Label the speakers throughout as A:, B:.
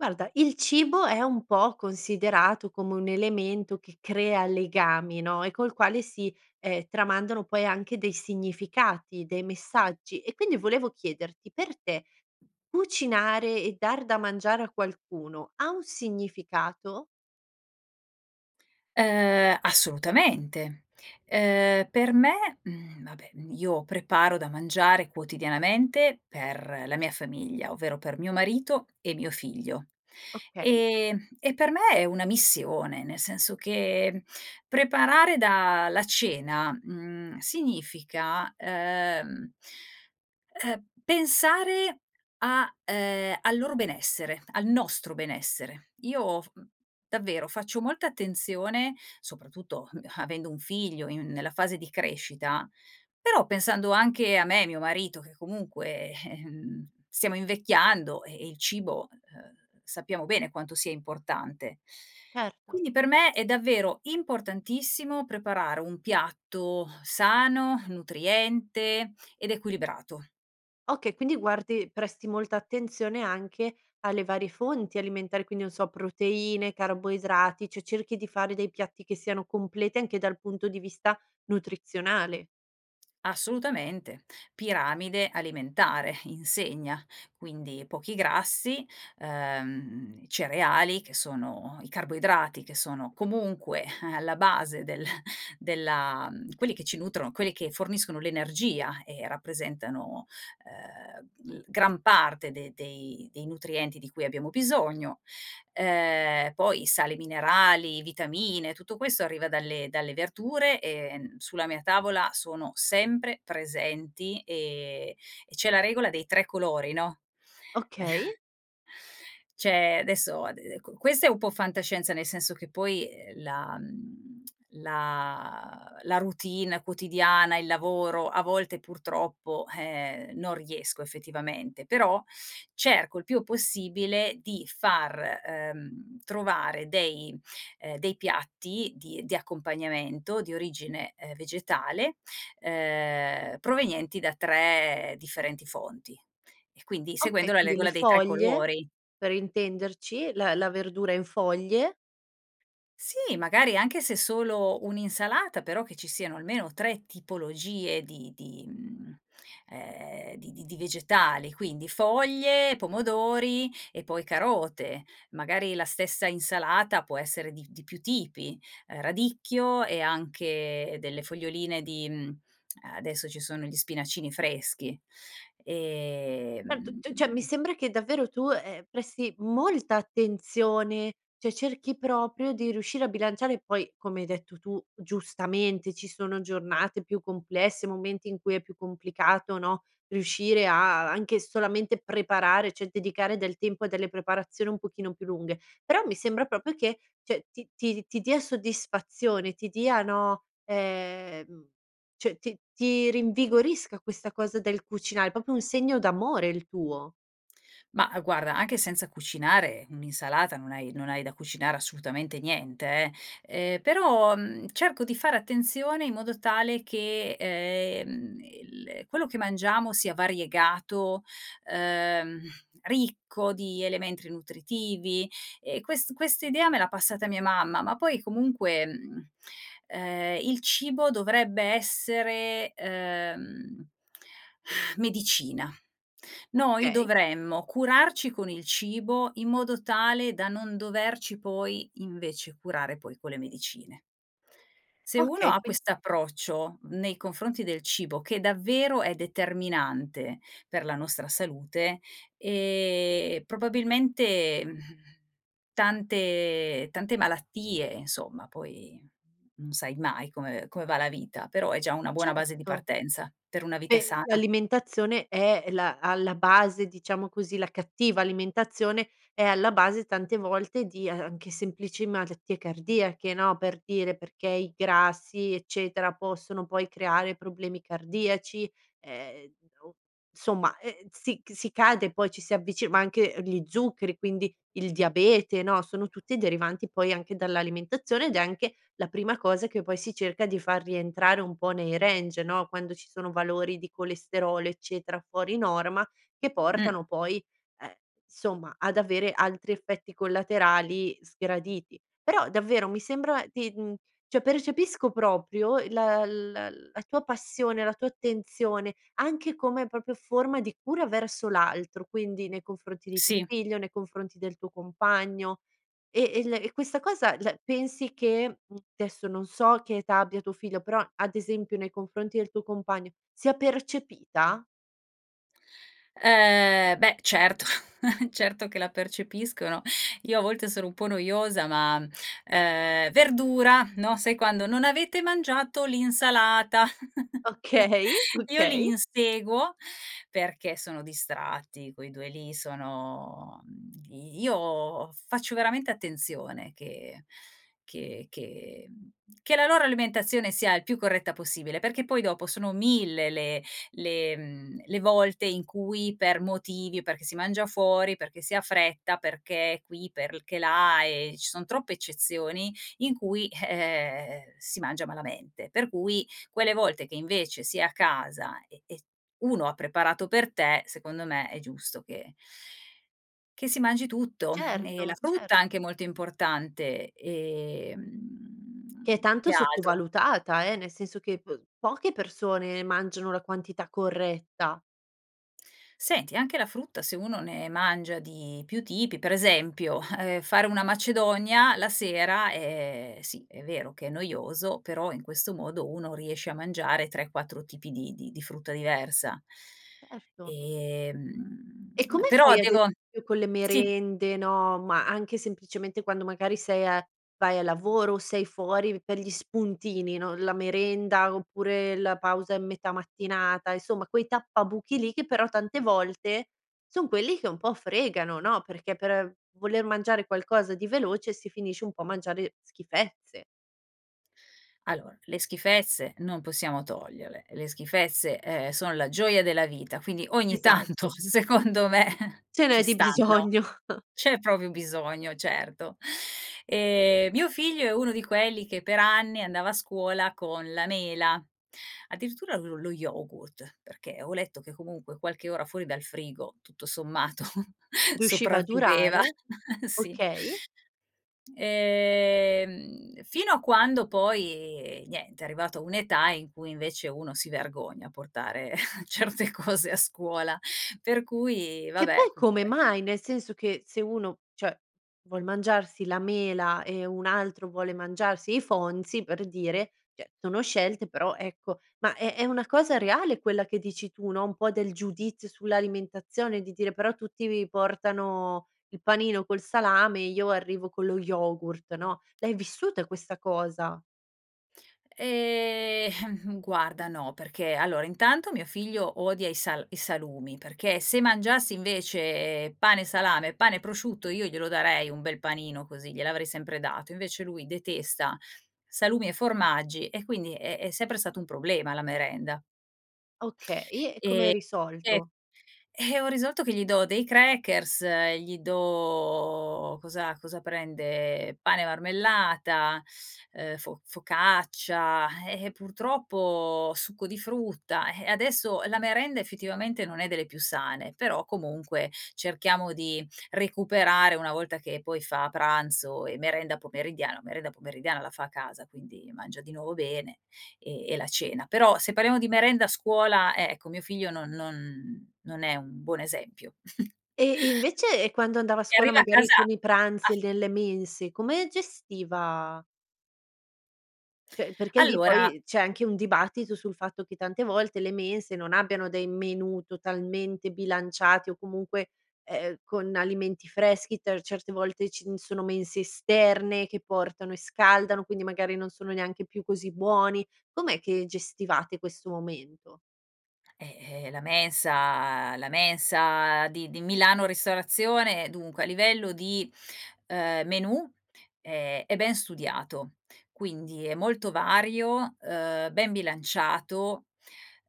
A: Guarda il cibo è un po' considerato come un elemento che crea legami, no, e col quale si, ehm, tramandano poi anche dei significati, dei messaggi e quindi volevo chiederti, per te cucinare e dar da mangiare a qualcuno ha un significato?
B: Uhm, assolutamente! Uhm, per me mhmm, vabbè, mhmm, io preparo da mangiare quotidianamente per la mia famiglia, ovvero per mio marito e mio figlio,
A: Okay.
B: ehm, e per me è una missione nel senso che preparare da la cena, mhmm, significa, uhm, uhm, pensare a uhm, al loro benessere, al nostro benessere. Io f davvero faccio molta attenzione soprattutto, mhmm, avendo un figlio in nella fase di crescita, però pensando anche a me e mio marito che comunque, ehm, stiamo invecchiando e e il cibo, uhm, sappiamo bene quanto sia importante.
A: Certo.
B: Quindi per me è davvero importantissimo preparare un piatto sano, nutriente ed equilibrato.
A: Okay, quindi guardi presti molta attenzione anche alle varie fonti alimentari, quindi non so proteine, carboidrati, cioè cerchi di fare dei piatti che siano completi anche dal punto di vista nutrizionale.
B: Assolutamente! Piramide alimentare insegna. Quindi pochi grassi, uhm, cereali che sono i carboidrati che sono comunque, eh, alla base del della quelli che ci nutrono, quelli che forniscono l'energia e rappresentano, uhm, l gran parte de dei dei nutrienti di cui abbiamo bisogno, uhm, poi i sali minerali, vitamine, tutto questo arriva dalle dalle verdure, ehm, n sulla mia tavola sono sempre presenti, ehm, e c'è la regola dei 3 colori no
A: Okay.
B: c'è adesso ade ecco, questa è un po' fantascienza, nel senso che poi, ehm, la mhmm, la la routine quotidiana, il lavoro a volte purtroppo, eh, non riesco effettivamente, però cerco il più possibile di far, uhm, trovare dei ehm, dei piatti di di accompagnamento di origine, ehm, vegetale, uhm, provenienti da 3 differenti fonti, e quindi
A: Okay,
B: seguendo la
A: quindi le
B: regola dei 3
A: foglie,
B: colori.
A: per intenderci la la verdura in foglie.
B: Sì, magari anche se solo un'insalata però che ci siano almeno 3 tipologie di di mhmm, ehm, di di di vegetali quindi foglie, pomodori e poi carote, magari la stessa insalata può essere di di più tipi, ehm, radicchio e anche delle foglioline di mhmm, eh, adesso ci sono gli spinacini freschi,
A: Certo. C cioè mi
B: ehm
A: sembra che davvero tu, ehm, presti molta attenzione cioè, cerchi proprio di riuscire a bilanciare poi come hai detto tu giustamente ci sono giornate più complesse, momenti in cui è più complicato, no, riuscire a anche solamente preparare cioè, dedicare del tempo a delle preparazioni un pochino più lunghe, però mi sembra proprio che, cioè, ti ti di ti dia soddisfazione, ti dia no, ehm, cioè, ti ti rinvigorisca questa cosa del cucinare, è proprio un segno d'amore il tuo.
B: Ma, uhm, guarda anche senza cucinare un'insalata non hai non hai da cucinare assolutamente niente, eh. Ehm, però, mhmm, cerco di fare attenzione in modo tale che, ehm, il quello che mangiamo sia variegato, uhm, ricco di elementi nutritivi e quest questa idea me l'ha passata mia mamma, ma poi comunque, mhmm, ehm, il cibo dovrebbe essere, uhm, medicina. Noi
A: Okay.
B: dovremmo curarci con il cibo in modo tale da non doverci poi invece, curare poi con le medicine se uno
A: Okay
B: ha
A: quin
B: quest'approccio nei confronti del cibo, che davvero è determinante per la nostra salute, ehm, probabilmente, mhmm, tante tante malattie insomma poi non sai mai come come va la vita, però è già una buona base di
A: Certo.
B: partenza per una vita
A: E
B: sana.
A: l'alimentazione è la alla base diciamo così, la cattiva alimentazione è alla base tante volte di, ehm, anche semplici malattie cardiache, no, per dire perché i grassi, eccetera, possono poi creare problemi cardiaci ehm, o insomma ehm, si c si cade poi ci si avvicina ma anche, ehm, gli zuccheri quindi il diabete, no, sono tutti derivanti poi anche dall'alimentazione, ed è anche la prima cosa che poi si cerca di far rientrare un po' nei range, no, quando ci sono valori di colesterolo, eccetera, fuori norma che
B: Mh.
A: portano poi, ehm, insomma ad avere altri effetti collaterali sgraditi. Però davvero mi sembra di mhmm, cioè percepisco proprio, uhm, la la la tua passione, la tua attenzione anche come proprio forma di cura verso l'altro, quindi nei confronti di tuo
B: Sì.
A: figlio, nei confronti del tuo compagno, e e la e questa cosa la pensi che mhmm, adesso non so che età abbia tuo figlio però, ad esempio, nei confronti del tuo compagno, sia percepita?
B: Uhm, beh, certo certo che la percepiscono. Io a volte sono un po' noiosa ma, ehm "Verdura!" No, sai quando: "Non avete mangiato l'insalata!" Io
A: Okay.
B: io li
A: Okay.
B: inseguo perché sono distratti quei 2 lì sono di io faccio veramente attenzione che che che mhmm, che la loro alimentazione sia il più corretta possibile, perché poi dopo sono 1000 le le mhmm, le volte in cui per motivi perché si mangia fuori, perché si ha fretta, perché qui, perché là, e ci son troppe eccezioni in cui, eh, eh, eh, si mangia malamente. Per cui quelle volte che invece si è a casa e e s uno ha preparato per te secondo me è giusto che che si mangi tutto, mhmm, e la
A: Certo,
B: frutta è anche
A: certo.
B: molto importante, ehm,
A: Che è tanto
B: che altro
A: sottovalutata, eh, nel senso che p poche persone mangiano la quantità corretta.
B: Senti, anche la frutta se uno ne mangia di più tipi per esempio, eh, fare una macedonia la sera, ehm, sì è vero che è noioso, però in questo modo uno riesce a mangiare 3, 4 tipi di di di frutta diversa
A: Certo.
B: ehm,
A: E come
B: però
A: fai ad
B: devo
A: esempio con le
B: Sì.
A: merende, no, ma anche semplicemente quando magari sei a vai al lavoro o sei fuori per gli spuntini, no, la merenda, oppure la pausa in metà mattinata, insomma quei tappabuchi lì che però tante volte son quelli che un po' fregano, no, perché per voler mangiare qualcosa di veloce si finisce un po' a mangiare schifezze.
B: Allora, le schifezze non possiamo toglierle, le schifezze, ehm, sono la gioia della vita, quindi ogni tanto
A: Esatto.
B: secondo me
A: Ce n'è
B: ci
A: di
B: stanno.
A: bisogno.
B: C'è proprio bisogno, certo. Ehm, mio figlio è uno di quelli che per anni andava a scuola con la mela addirittura lo lo yogurt perché ho letto che, comunque, qualche ora fuori dal frigo tutto sommato
A: Riusciva a
B: sopravviveva!
A: durare.
B: Sì.
A: Okay.
B: Ehm, fino a quando poi, niente, è arrivato a un'età in cui invece uno si vergogna a portare certe cose a scuola, per cui
A: Che
B: vabbè
A: poi come
B: comunque
A: mai? Nel senso che se uno, cioè, vuol mangiarsi la mela e un altro vuole mangiarsi i Fonzies, per dire, cioè, sono scelte però ecco, ma è è una cosa reale quella che dici tu, no, un po' del giudizio sull'alimentazione di dire: "Però tutti vi portano il panino col salame e io arrivo con lo yogurt." No, l'hai vissuta questa cosa?
B: Ehm, guarda no, perché allora intanto mio figlio odia i sal i salumi, perché se mangiasse invece pane e salame, pane e prosciutto io glielo darei un bel panino così, gliel'avrei sempre dato, invece lui detesta salumi e formaggi e quindi è è sempre stato un problema la merenda
A: Okay, e come hai
B: ehm, [unintelligible]
A: risolto?
B: Eh, ho risolto che gli do dei crackers, gli do cosa cosa prende pane e marmellata, uhm, fo focaccia, eh, eh, purtroppo succo di frutta eh, adesso la merenda effettivamente non è delle più sane, però comunque cerchiamo di recuperare una volta che poi fa pranzo e merenda pomeridiana la merenda pomeridiana la fa a casa quindi mangia di nuovo bene e e la cena. Però se parliamo di merenda a scuola, eh, ecco mio figlio non non non è un buon esempio
A: Ehm, e invece e quando andava a
B: e
A: scuola
B: arriva a
A: magari
B: casa
A: con i pranzi e
B: af
A: nelle mense, come gestiva cioè, perché lì
B: Allora
A: poi c'è anche un dibattito sul fatto che tante volte le mense non abbiano dei menù totalmente bilanciati, o comunque, ehm, con alimenti freschi ter certe volte ci n sono mense esterne che portano e scaldano, quindi magari non sono neanche più così buoni. Com'è che gestivate questo momento?
B: Eh, ehm, la mensa la mensa di di Milano ristorazione, dunque a livello di, uhm, menù è è ben studiato. Quindi è molto vario uhm, ben bilanciato,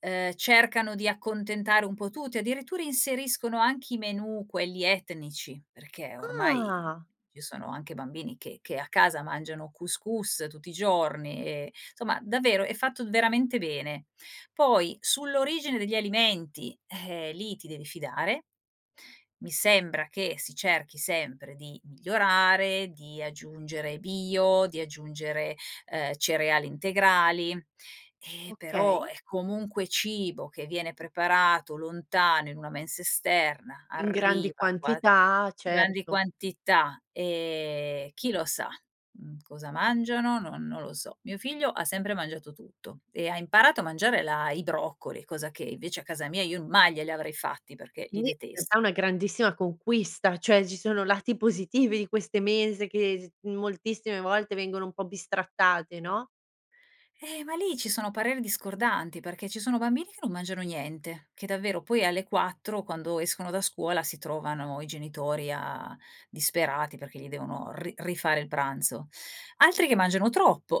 B: uhm, cercano di accontentare un po' tutti addirittura inseriscono anche i menù quelli etnici, perché ormai
A: Ah.
B: ci sono anche bambini che che a casa mangiano cous cous tutti i giorni e insomma davvero è fatto veramente bene. Poi sull'origine degli alimenti, eh, lì ti devi fidare, mi sembra che si cerchi sempre di migliorare, di aggiungere bio, di aggiungere, uhm, cereali integrali, e però
A: Okay.
B: è comunque cibo che viene preparato lontano in una mensa esterna
A: In grandi
B: arriva qua
A: quantità,
B: grandi
A: certo.
B: quantità, ehm, chi lo sa, mhmm, cosa mangiano? Non non lo so. Mio figlio ha sempre mangiato tutto e ha imparato a mangiare là i broccoli, cosa che invece a casa mia io n mai glieli avrei fatti perché li
A: Quindi in realtà è
B: detesto
A: una grandissima conquista. Cioè, ci sono lati positivi di queste mense che s moltissime volte vengono un po' bistrattate, no?
B: Eh, ma lì ci sono pareri discordanti perché ci sono bambini che non mangiano niente, che davvero poi alle 4 quando escono da scuola si trovano i genitori a disperati perché gli devono ri rifare il pranzo. Altri che mangiano troppo.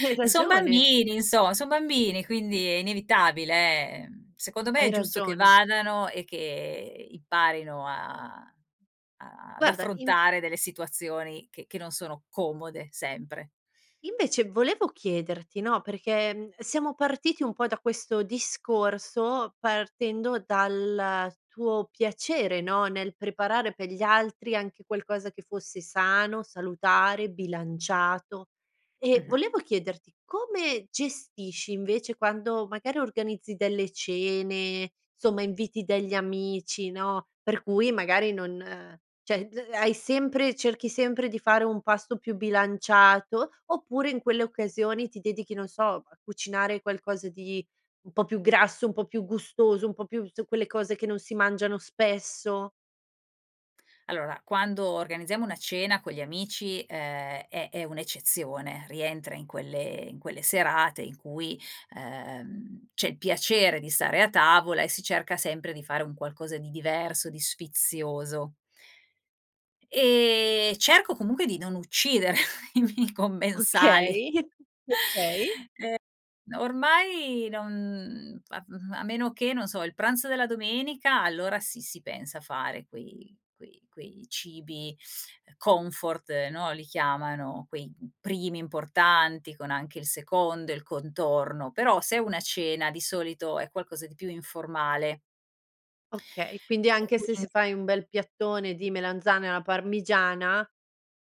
A: Hai
B: Son
A: ragione.
B: bambini, insomma, son bambini! Quindi è inevitabile, ehm, secondo me
A: Hai
B: è giusto che
A: ragione.
B: vadano e che imparino a a ad
A: Guarda, inv
B: affrontare delle situazioni che che non sono comode sempre.
A: invece volevo chiederti no, perché, mhmm, uhm, siamo partiti un po' da questo discorso, partendo dal tuo piacere, no, nel preparare per gli altri anche qualcosa che fosse sano, salutare, bilanciato, e
B: Mh-mh.
A: volevo chiederti come gestisci, invece, quando magari organizzi delle cene insomma inviti degli amici, no, per cui magari non cioè, b uhm, hai sempre cerchi sempre di fare un pasto più bilanciato, oppure in quelle occasioni ti dedichi, non so, a cucinare qualcosa di un po' più grasso, un po' più gustoso, un po' più s quelle cose che non si mangiano spesso.
B: Allora, quando organizziamo una cena con gli amici, ehm, è è un'eccezione rientra in quelle in quelle serate in cui, ehm, c'è il piacere di stare a tavola, e si cerca sempre di fare un qualcosa di diverso, di sfizioso. Ehm, cerco comunque di non uccidere i miei commensali
A: Okay. Okay.
B: ehm, n ormai non, mhmm, a f mhmm, a meno che, non so, il pranzo della domenica allora sì, si pensa a fare quei quei quei cibi, uhm, comfort, no, li chiamano quei, mhmm, primi importanti con anche il secondo, il contorno, però se è una cena di solito è qualcosa di più informale
A: Okay, quindi anche se s
B: quind
A: fai un bel piattone di melanzane alla parmigiana,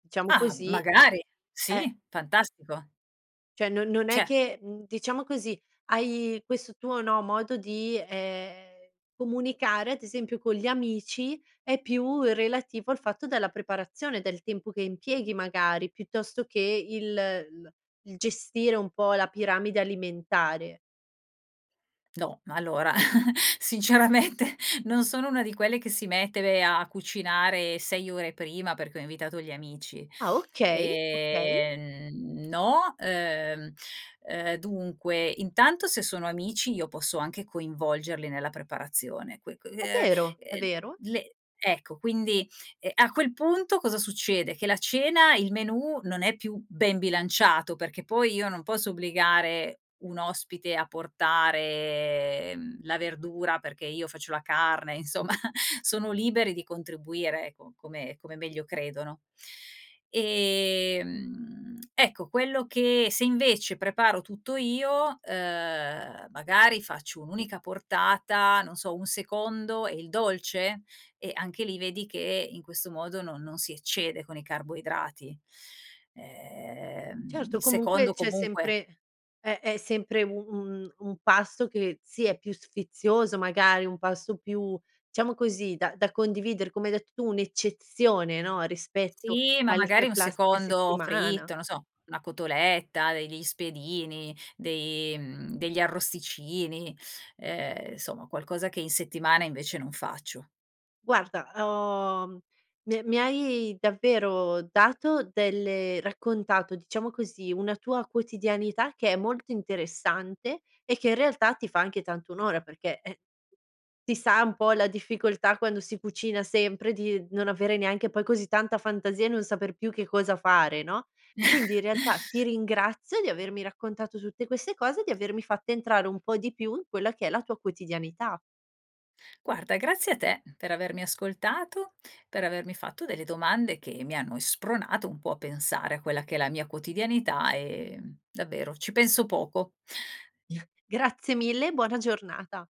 A: diciamo
B: Ah,
A: così,
B: magari,
A: eh
B: sì fantastico
A: cioè, non non è
B: cioé
A: che, mhmm, diciamo così, hai questo tuo, no, modo di, ehm, comunicare, ad esempio, con gli amici è più relativo al fatto della preparazione, del tempo che impieghi magari, piuttosto che il l il gestire un po' la piramide alimentare.
B: No, allora! Sinceramente non sono una di quelle che si mette ve a a cucinare 6 ore prima perché ho invitato gli amici.
A: Ah, okay, okay.
B: Ehm, mhmm, no, uhm, uhm dunque, intanto se sono amici io posso anche coinvolgerli nella preparazione qui qui uhm,
A: È
B: ehm,
A: vero, è vero.
B: le le ecco, quindi, ehm, a quel punto cosa succede, che la cena il menù non è più ben bilanciato, perché poi io non posso obbligare un ospite a portare mhmm, la verdura perché io faccio la carne insomma sono liberi di contribuire, eco, come come meglio credono. Ehm, mhmm, ecco quello che se invece preparo tutto io, uhm, magari faccio un'unica portata, non so, un secondo e il dolce? E anche lì vedi che in questo modo non non si eccede con i carboidrati, ehm,
A: Certo,
B: il
A: comunque
B: secondo
A: c'è
B: comunque
A: sempre è è sempre u un un pasto che, sì, è più sfizioso, magari, un pasto più, diciamo così, da da condividere, come hai detto tu, un'eccezione, no, rispetto
B: Sì, ma
A: alle
B: magari
A: c
B: un
A: classica
B: secondo
A: settimana.
B: fritto, non so, una cotoletta, degli spiedini, dei mhmm, degli arrosticini, ehm, insomma, qualcosa che in settimana invece non faccio.
A: Guarda, uhm, ho mi è mi hai davvero dato delle raccontato, diciamo così, una tua quotidianità che è molto interessante, e che in realtà ti fa anche tanto onore perché, ehm, si sa un po' la difficoltà quando si cucina sempre di non avere neanche poi così tanta fantasia e non saper più che cosa fare, no, quindi in realtà ti ringrazio di avermi raccontato tutte queste cose e di avermi fatta entrare un po' di più in quella che è la tua quotidianità.
B: Guarda grazie a te per avermi ascoltato, per avermi fatto delle domande che mi hanno, ehm, spronato un po' a pensare a quella che è la mia quotidianità, ehm, davvero ci penso poco.
A: Grazie mille e buona giornata.